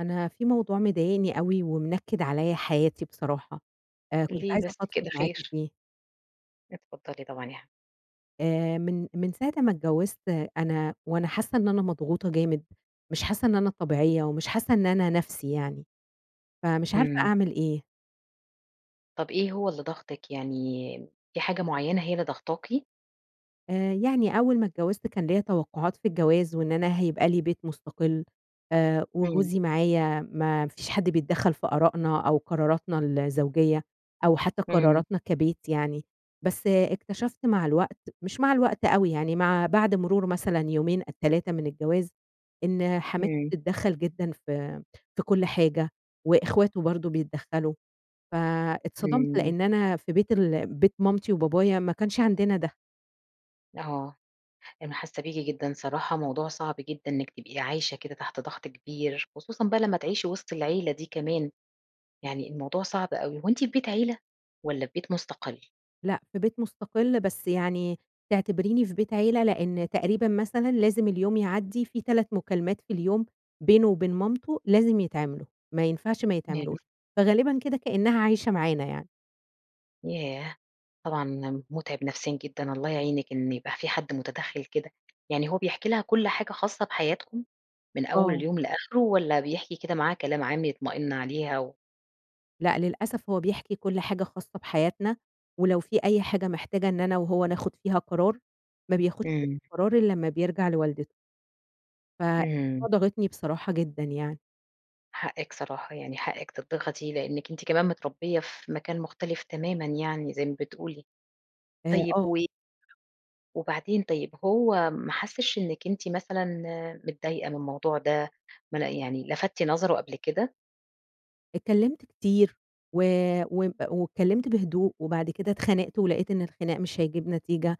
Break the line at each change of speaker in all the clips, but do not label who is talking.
أنا في موضوع مضايقني أوي ومنكّد عليَّ حياتي بصراحة، آآ، كنت
ليه
عايزة
بس
أفضفض
كده،
معاكِ
خير؟
فيه.
اتفضّلي طبعًا يا ح
آآ من، من ساعة أمّا اتجوّزت أنا وأنا حاسّة إن أنا مضغوطة جامد، مش حاسّة إن أنا طبيعية، ومش حاسّة إن أنا نَفْسي يعني، فمش عارفة
إمم.
أعمل إيه؟
طَب إيه هو اللي ضاغطِك؟ يعني م في حاجة معيّنة هي اللي ضاغطاكِ؟
آآ، يعني أول ما اتجوّزت كان ليّا توقعات في الجواز وإن أنا هيبقى لي بيت مُستقل آآ،
إمم.
وجوزي معايا ما فيش حد بيتدخّل في آراءنا أو قراراتنا الزوجية، أو حتى
إمم.
قراراتنا كبيت يعني، بس اكتشفت مع الوقت، مش مع الوقت أوي يعني مع بعد مرور مثلًا يومين أ 3 من الجواز، إن حماتي
إمم.
بتتدخّل جدًا في في كُلّ حاجة وإخواته برضه بيتدخّلوا، فاتصدمت
إمم.
لإن أنا في بيت ال بيت مامتي وبابايا ما كانش عندنا ده.
آه، أنا حاسّة بيكِ جدًا صراحة موضوع صعب جدًا إنِّك تبقي عايشة كده تحت ضغط كبير، خصوصًا بقى لمّا تعيشي وِسط العيلة دي كمان، يعني الموضوع صعب أوي هو أنتِ في بيت عيلة؟ والَّا في بيت مُستقلّ؟
لأ، في بيت مستقل، بس يعني تعتبريني في بيت عيلة لإن تقريبًا مثلًا لازم اليوم يعدّي في 3 مكالمات في اليوم بينه وبين مامته، لازم يتعملوا، ما ينفعش ما
يعني
يتعملوش، فغالبًا كده كأنها عايشة معانا يعني.
ياه! طبعًا مُتعِب نفسيًا جدًا، الله يعينِك، إن يبقى فيه حد مُتدخِّل كده. يعني هو بيحكي لها كُلّ حاجة خاصة بحياتكم؟ من أول
آه.
اليوم لآخره والَّا بيحكي كده معاها كلام عام يطمئن عليها و
لأ، للأسف هو بيحكي كُلّ حاجة خاصة بحياتنا، ولو في أي حاجة محتاجة إن أنا وهو ناخد فيها قرار، ما بياخدش
إمم.
القرار إلّا امّا بيرجَع لوالدته. ف
إمم.
[unintelligible] ضاغطني بصراحة جدًا يعني.
حقِّك صراحة، يعني حقِّك تتضغطي لإنِّك أنت كمان متربية في مكان مختلف تمامًا يعني زي ما بتقولي،
آآ،
طيب
آه.
و وبعدين طيب هو ما حسّش إنِّك أنتِ مثلًا آآ، متضايقة من الموضوع ده؟ ما ل يعني لَفَتتِ نَظَرُه قبل كده؟
اتكلمت كتير و وب واتكلمت بهدوء، وبعد كده اتخانقت ولقيت إن الخناق مش هيجيب نتيجة،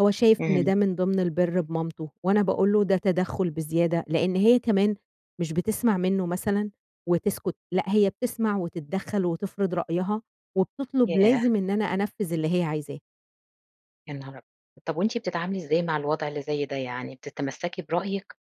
هو شايف إن
إمم.
ده من ضمن البِرّ بمامتُه، وأنا باقول له ده تَدَخُّل بزيادة، لإن هي كمان مش بتِسمَع منه مثلًا وتسكت، لأ، هي بتِسمَع وتتدخّل وتِفرِض رأيها، وبتطلب
ياه!
لازم إن أنا أنفِّذ اللي هي عايزاه.
يا نهار أبيض! طَب وأنتِ بتتعاملي إزاي مع الوضع اللي زي ده؟ يعني بتتمسكي برأيِك؟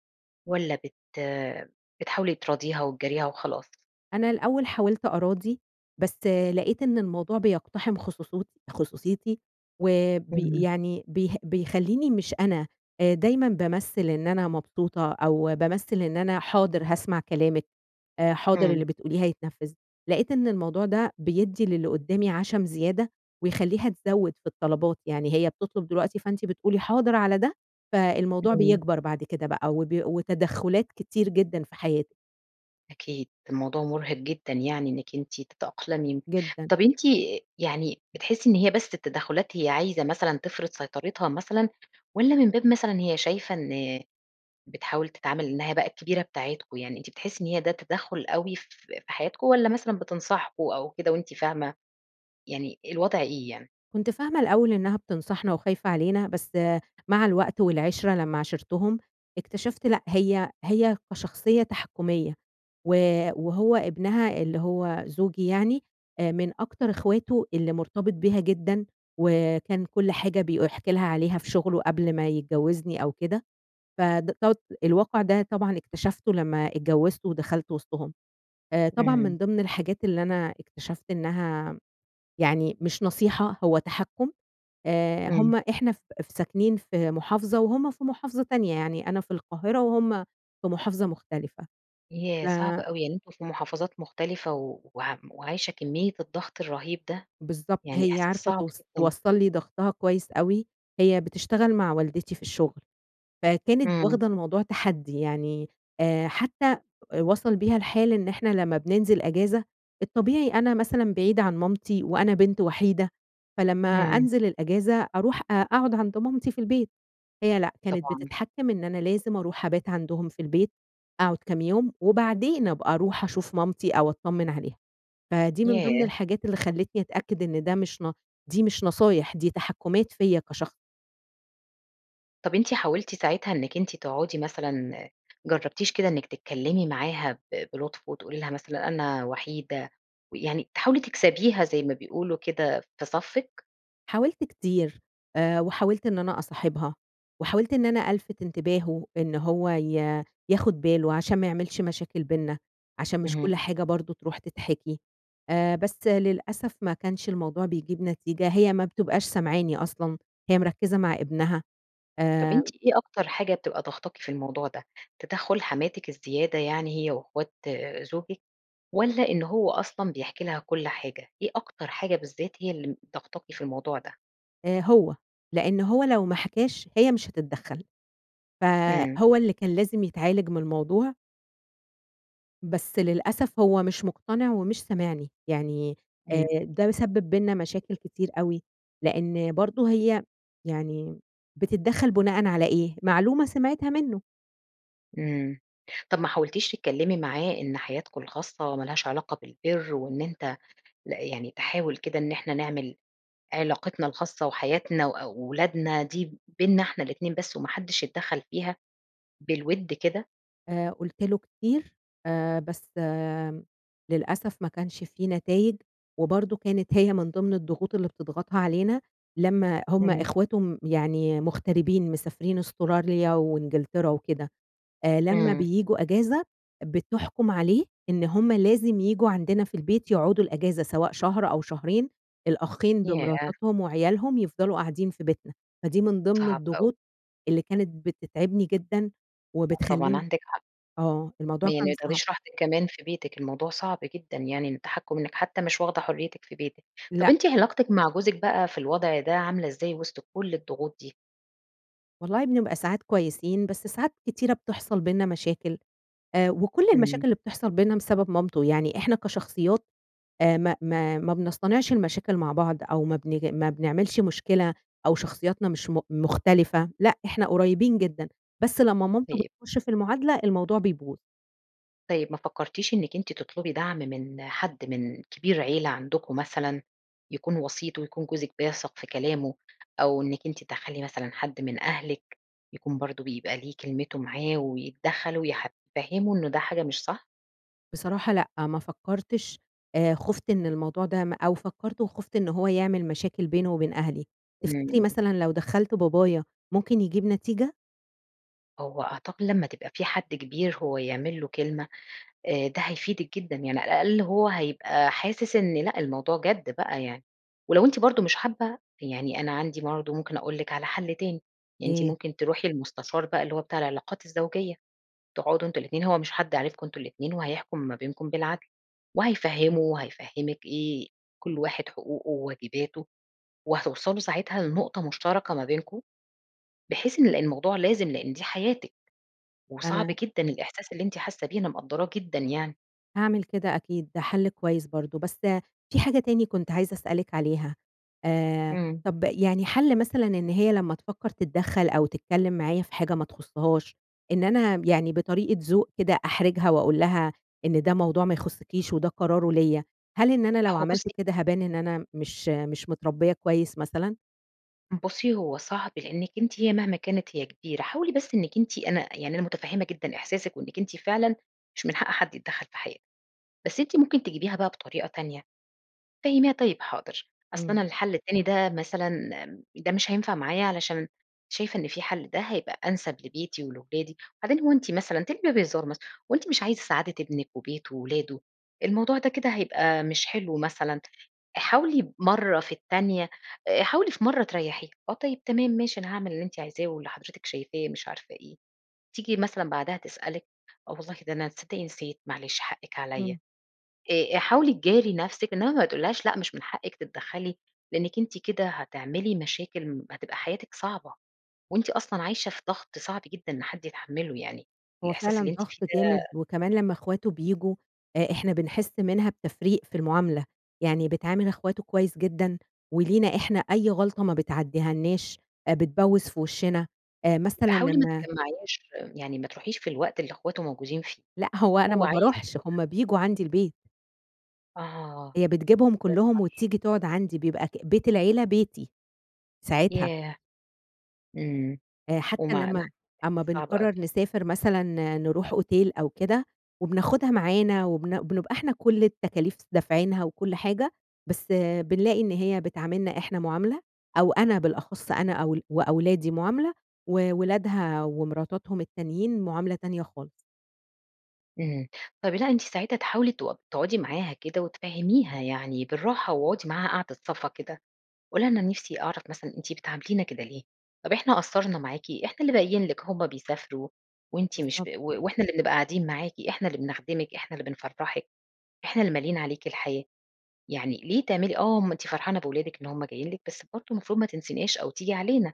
والّا بت آآ بتحاولي تراضيها وتجاريها وخلاص؟
أنا الأول حاولت أراضِي، بس آآ لقيت إن الموضوع بيقتحِم خصوصيتي- خصوصيتي، وآآ بي
إمم.
يعني بي بيخلّيني مش أنا، آآ دايمًا بامَثِّل إن أنا مبسوطة، أو بامَثِّل إن أنا "حاضر هاسمع كلامِك آآ، حاضر
إمم.
اللي بتقوليه هيتنفِّذ." لقيت إن الموضوع ده بيدِّي للي قُُدّامي عشم زيادة، ويخلّيها تزود في الطلبات، يعني هي بتطلب دلوقتي فأنتِ بتقولي حاضر على ده، فالموضوع
إمم.
بيكبر بعد كده بقى، وبي وتدخُّلات كتير جدًا في حياتي.
أكيد، الموضوع مُرهِق جدًا يعني إنِك أنتِ تتأقلمي،
جدًا.
طب أنتِ آآ يعني بتحِسّي إن هي بس التّدخُّلات هي عايزة مثلًا تفرض سيطرتها مثلًا؟ والّا من باب مثلًا هي شايفة إن بتحاول تتعامل إنها بقى الكبيرة بتاعتكم؟ يعني أنتِ بتحسي إن هي ده تدخّل أوي ف ف في حياتكم؟ والّا مثلًا بتنصحكم أو كده وأنتِ فاهمة؟ يعني الوضع إيه يعني؟
كنت فاهمة الأول إنها بتنصحنا وخايفة علينا، بس آآ مع الوقت والعِشرة، لمّا عاشرتهم، اكتشفت لأ، هي هي كشخصية تحكُّميَّة، و وهو ابنها اللي هو زوجي يعني، آآ من أكتر إخواته اللي مُرتبط بيها جدًا، وكان كُلّ حاجة بيق بيحكي لها عليها في شُغله قبل ما يتجوزني أو كده، فده ت الواقع ده طبعًا اكتشفتُه لمّا اتجوزت ودخلت وسطهُم. آآ طبعًا
إمم.
من ضمن الحاجات اللي أنا اكتشفت إنها يعني مش نصيحة هو تحكُّم، آآ
إمم.
هُم إحنا ف ف ساكنين في مُحافظة وهُم في مُحافظة تانية، يعني أنا في القاهرة وهُم في مُحافظة مُختلفة
ياه!
ف
صعب أوي يعني أنتم في مُحافظات مُختلفة، و وعم وعايشة كمية الضغط الرهيب ده؟!
بالضبط،
يعني
هي
إحساس
عارفة
صعب
توص
جدًا.
توصّل لي ضغطها كويس أوي، هي بتشتغل مع والدتي في الشُّغل فكانت
إمم.
واخدة الموضوع تحدي، يعني آآ حتّى وصل بيها الحال إن إحنا لما بننزِل إجازة، الطبيعي أنا مثلًا بعيدة عن مامتي وأنا بنت وحيدة فلمّا
إمم.
أنزل الإجازة أرُوح أ أقعد عند مامتي في البيت، هي لأ، كانت
طبعًا.
بتتحكِّم إن أنا لازم أرُوح أبات عندهم في البيت، أقعُد كام يوم، وبعدين أبقى أرُوح أشوف مامتي أو أتطمِّن عليها، فدي من ضمن
ياه!
الحاجات اللي خلّتني أتأكد إن ده مش ن دي مش نصايح، دي تحكُّمات فيّا كشخص.
طَب أنِت حاولتِ ساعتها إنِك أنتِ تقعدي مثلًا آآ جرّبتيش كده إنِّك تتكلمي معاها ب بلُطف وتقولي لها مثلًا أنا وحيدة، ويعني تحاولي تكسبيها زي ما بيقولوا كده في صفِّك؟
حاولت كتير آآ، وحاولت إن أنا أصاحبها، وحاولت إن أنا ألفِت انتباهُه، إن هو ي ياخد باله عشان ما يعملش مشاكل بيننا، عشان مش كُلّ
اهم.
حاجة برضه تروح تتحكي. آآ، بس للأسف ما كانش الموضوع بيجيب نتيجة، هي ما بتبقاش سامعاني أصلًا، هي مِرَكِّزة مع إبنها،
طَب
آآ
أنتِ إيه أكتر حاجة بتبقى ضاغطاكِ في الموضوع ده؟ تدخُّل حماتِك الزيادة يعني هي وإخوات آآ، زوجِك؟ والَّا إن هو أصلًا بيحكي لها كُلّ حاجة؟ إيه أكتر حاجة بالذات هي اللي ضاغطاكِ في الموضوع ده؟
آآ، هو، لإن هو لو ما حكاش هي مش هتتدخّل، ف
إمم.
هو اللي كان لازم يتعالج من الموضوع. بس للأسف، هو مش مقتنع ومش سامعني، يعني آآ،
إمم.
ده سبِّب بيننا مشاكل كتير أوي، لإن برضه هي يعني بتتدخّل بُناءً على إيه؟ معلومة سمعتها منه.
إمم، طَب ما حاولتيش تتكلمي معاه إن حياتكم الخاصة ما لهاش علاقة بالبِرّ وإن أنت لأ يعني تحاول كده إن إحنا نعمل علاقتنا الخاصة، وحياتنا وأولادنا دي بينّنا إحنا الاتنين بس، وما حدش يتدخّل فيها، بالوِدّ كده؟
آآ، قُلت له كتير آآ، بس آآ، للأسف ما كانش في نتايج، وبرضه كانت هي من ضِمن الضغوط اللي بتضغطها علينا، لمّا هم
اهم.
إخواته م يعني مغتربين مسافرين أستراليا وإنجلترا وكده آآ، لمّا
إمم.
بييجوا أجازة بتحكُم عليه، إن هم لازم ييجوا عندنا في البيت يقعدوا الأجازة سواء شهر أو شهرين، الأخين
ياه!
بمراتاتهم وعيالهم يفضلوا قاعدين في بيتنا، فدي من ضِمن
صعب أوي.
الضغوط، اللي كانت بتتعبني جدًا،
طبعًا
وبتخلّيني
عندِك حق.
آه الموضوع
يعني
كان
ما
صعب.
تاخديش راحتِك كمان في بيتِك الموضوع صعب جدًا يعني، إن تَحكُم إنِّك حتى مش واخدة حريتِك في بيتِك، طَب
لأ.
أنتِ علاقتِك مع جوزِك بقى في الوضع ده عاملة إزاي وسط كُلّ الضغوط دي؟
والله بنبقى ساعات كويسين، بس ساعات كتيرة بتحصل بينّنا مشاكل آآ، وكُلّ
إمم.
المشاكل اللي بتحصل بينّنا بسبب مامته يعني، إحنا كشخصيات آآ، ما ما ما بنصطنعش المشاكل مع بعض أو ما بنيجي ما بنعملش مشكلة أو شخصياتنا مش م مختلفة، لأ، إحنا قريبين جدًا، بس لمّا مامته
طيب.
بتخُشّ في المعادلة الموضوع بيبوظ.
طيب ما فكرتيش إنِّك أنتِ تطلبي دعم من حد من كبير عيلة عندكم مثلًا، يكون وسيط ويكون جوزِك بيثق في كلامه؟ أو إنِّك أنتِ تدخّلي مثلًا حد من أهلِك، يكون برضه بيبقى ليه كلمته معاه، ويتدخَّل ويح يفهِّمُه إن ده حاجة مش صح؟
بصراحة لأ، ما فكّرتش آآ، خُفت إن الموضوع ده م أو فكّرت وخُفت إن هو يعمل مشاكل بينه وبين أهلي. تفتكري
إمم.
مثلًا لو دخّلت بابايا ممكن يجيب نتيجة؟
هو أعتقد لمّا تبقى فيه حد كبير هو يعمل له كلمة آآ، ده هيفيدِك جدًا، يعني على الأقل هو هيبقى حاسس إن لأ، الموضوع جدّ بَقى يعني. ولو أنتِ برضه مش حابة، يعني أنا عندي برضه ممكن أقول لِك على حلّ تاني، أنتِ
إيه؟
ممكن تروحي لمستشار بَقى اللي هو بتاع العلاقات الزوجية، تقعدوا أنتم الاتنين، هو مش حد عارفكم أنتم الاتنين، وهيحكُم ما بينكُم بالعدل، وهيفهِّمه وهيفهِّمِك إيه كُلّ واحد حقوقه وواجباته، وهتوصلوا ساعتها لنقطة مشتركة ما بينكم، بحيث إن الموضوع لازم لإن دي حياتِك، وصعب
أنا
جدًا الإحساس اللي أنتِ حاسة بيه، أنا مقدّراه جدًا يعني.
هاعمل كده أكيد ده حل كويّس برضه، بس في حاجة تاني كنت عايزة أسألِك عليها. آآ
إمم.
طَب يعني حَل مثلًا إن هي لمّا تفكّر تتدخل أو تتكلم معايا في حاجة ما تخصهاش، إن أنا م يعني بطريقة ذوق كده أحرِجها وأقول لها إن ده موضوع ما يخصكيش وده قراره ليَّ، هل إن أنا لو
هو بُصّي
عملت كده هابان إن أنا مش مش متربية كويّس مثلًا؟
بُصّي هو صعب لإنِّك أنتِ هي مهما كانت هي كبيرة، حاولي بس إنِّك أنتِ أنا يعني أنا متفهمة جدًا إحساسِك وإنِّك أنتِ فعلًا مش من حق حد يتدخل في حياتِك. بس أنتِ ممكن تجيبيها بقى بطريقة تانية، فهميها، "طيّب، حاضر، أصل
إمم.
أنا الحل التاني ده مثلًا م ده مش هينفع معايا علشان شايفة إن فيه حل ده هيبقى أنسب لبيتي ولولادي." وبَعدين هو أنتِ مثلًا تجيبيها بهزار مثلًا، "هو أنتِ مش عايزة سعادة ابنك وبيته وولاده؟ الموضوع ده كده هيبقى مش حلو مثلًا." آآ حاولي مرّة في التانية آآ حاولي في مرّة تريحيها، "آه، طيّب تمام ماشي أنا هاعمل اللي أنتِ عايزاه واللي حضرتِك شايفاه" مش عارفة إيه، تيجي مثلًا بَعدها تسألِك، "آه، والله ده أنا تصدّقي نسيت معلش حقِك
إمم.
عليَّ" آآ آآ حاولي تجاري نَفْسِك، إنّما ما تقولي لهاش "لأ، مش من حقِك تتدخلي" لإنك أنتِ كده هتعملي مشاكل م هتبقى حياتِك صعبة، وأنتِ أصلًا عايشة في ضغط صعب جدًا إن حد يتحمله، يعني
هو
الإحساس اللي
فعلًا
أنتِ فيه
ضغط جامد
ده
وكمان لمّا إخواته بييجوا آآ إحنا بنحِس منها بتفريق في المعاملة، يعني بتعامل إخواته كويّس جدًا، ولينا إحنا أي غلطة ما بتعدّيهالناش آآ بتبوِّز في وِشنا آآ
يبقى
مثلًا
حاولي ما
لمّا
تتجمّعيهاش، يعني ما تروحيش في الوقت اللي إخواته موجودين فيه،
لأ، هو أنا
هو
ما
عايز
باروحش،
يروح
هُم بييجوا عَندي البيت.
آه،
هي بتجيبهم
يا
كلّهم
نهار!
وتيجي تقعد عندي، بيبقى أك بيت العيلة بيتي، ساعتها.
ياه! إمم
آآ،
و
حتى
[unintelligible]
لمّا أمّا
إحساس صعب
بنقرّر
أوي.
نسافر مثلًا آآ، نروح أوتيل أو كده، وبناخدها معانا وبن بنبقى إحنا كُلّ التكاليف دافعينها وكُلّ حاجة بس آآ، بنلاقي إن هي بتعاملنا إحنا معاملة، أو أنا بالأخص أنا أول وأولادي معاملة، وولادها ومراتاتهم التانيين معاملة تانية خالص.
إمم، طَب لأ أنتِ ساعتها تحاولي تق تقعدي معاها كده وتفهّميها يعني بالراحة، واقعدي معاها قعدة صَفا كده، قولي لها أنا نِفْسي أعرف مثلًا أنتِ بتعاملينا كده ليه؟ طَب إحنا قَصّرنا معاكِ؟ إحنا اللي باقيين لِك، هُم بيسافروا، وأنتِ مش
بالضبط.
ب وإحنا اللي بنبقى قاعدين معاكِ، إحنا اللي بنخدمِك، إحنا اللي بنفرّحِك، إحنا اللي ماليين عليكِ الحياة. يعني ليه تعملي آه ما أنتِ فرحانة بولادِك إن هُم جايين لِك، بس برضه مفروض ما تنسيناش أو تيجي علينا،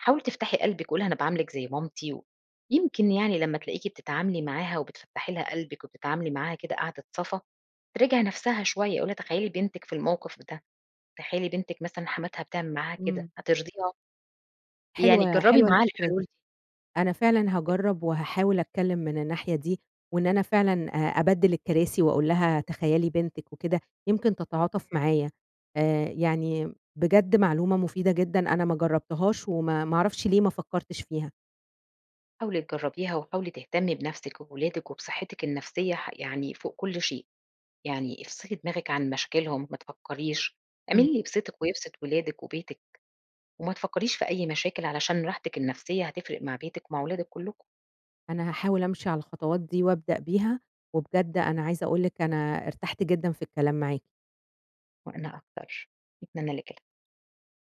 حاولي تفتحي قلبِك، قولي لها أنا باعاملِك زي مامتي، يمكن يعني لمّا تلاقيكِ بتتعاملي معاها وبتفتّحي لها قلبِك وبتتعاملي معاها كده قعدة صَفا، تراجِع نَفْسها شوية، قولي لها، تخيلي بنتِك في الموقف ده، تخيلي بنتِك مثلًا حماتها بتعمل معاها كده،
إمم.
هترضيها؟ يعني
حلوة،
تجرّبي
حلوة
معاها
الفكرة
الحلول دي.
دي. أنا فعلًا هاجرّب وهاحاول أتكلم من الناحية دي، وإن أنا فعلًا آآ، أبدِّل الكراسي وأقول لها تخيلي بنتِك وكده، يمكن تتعاطف
إمم.
معايا. آآ، يعني بجد معلومة مفيدة جدًا أنا ما جرّبتهاش وما، ما أعرفش ليه ما فكّرتش فيها.
حاولي تجرّبيها، وحاولي تهتمي بنَفْسِك وبولادِك وبصحتِّك النفسية ح يعني فوق كُلّ شيء. يعني افصِلي دماغك عن مشاكلهم، ما تفكّريش،
إمم.
اعملي اللي يبسطِك ويبسط ولادِك وبيتِك، وما تفكّريش في أي مشاكل علشان راحتِك النفسية هتفرق مع بيتِك ومع ولادِك كلّكم.
أنا هاحاول أمشي على الخطوات دي، وأبدأ بيها، وبجد أنا عايزة أقول لِك أنا ارتحت جدًا في الكلام معاكِ.
وأنا أكتر، أتمنى لِك ال